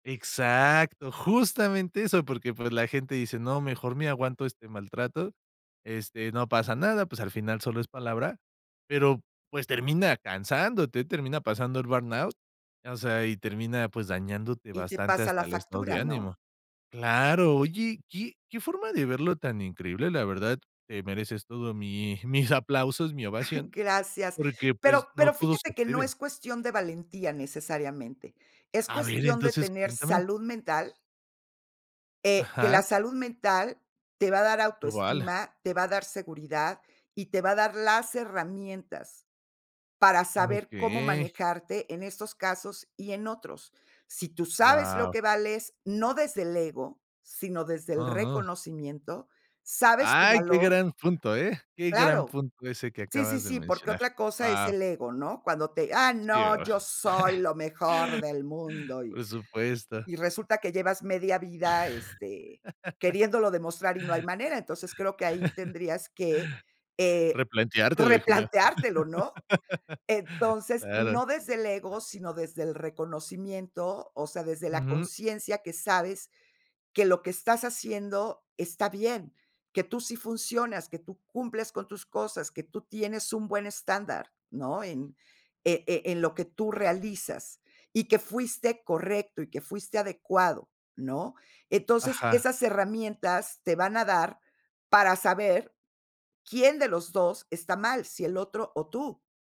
Exacto, justamente eso, porque, pues, la gente dice: "No, mejor me aguanto este maltrato, este, no pasa nada, pues, al final solo es palabra", pero, pues, termina cansándote, termina pasando el burnout, o sea, y termina, pues, dañándote Y te bastante pasa hasta la el estado factura, de ¿no? ánimo. Claro, oye, qué qué forma de verlo tan increíble, la verdad te mereces todo mi mis aplausos, mi ovación, Gracias, porque, pues, pero no pero todo se fíjate que no atreven. es cuestión de valentía, necesariamente, es A ver, cuestión de entonces tener cuéntame. salud mental eh, que Ajá. la salud mental te va a dar Lo vale. autoestima, te va a dar seguridad, y te va a dar las herramientas para saber cómo Okey. manejarte en estos casos y en otros. Si tú sabes lo Wao. que vales, no desde el ego, sino desde el No, no. reconocimiento, sabes tu Ay, qué valor gran punto, ¿eh?, qué gran Claro, punto ese que sí, sí, acabas de sí, porque mencionar. otra cosa es Wao. el ego, ¿no? Cuando te: "Ah, Sí, no, verdad. yo soy lo mejor del mundo y". Por supuesto. Y resulta que llevas media vida, este, queriéndolo demostrar y no hay manera. Entonces, creo que ahí tendrías que, eh, Replanteártelo, hijo mío. replanteártelo, ¿no? Entonces, Claro. no desde el ego, sino desde el reconocimiento. O sea, desde la Ujú. conciencia, que sabes que lo que estás haciendo está bien, que tú sí funcionas, que tú cumples con tus cosas, que tú tienes un buen estándar, ¿no?, en, e e en lo que tú realizas, y que fuiste correcto y que fuiste adecuado, ¿no? Entonces, Ajá. esas herramientas te van a dar para saber quién de los 2 está mal, si el otro o tú.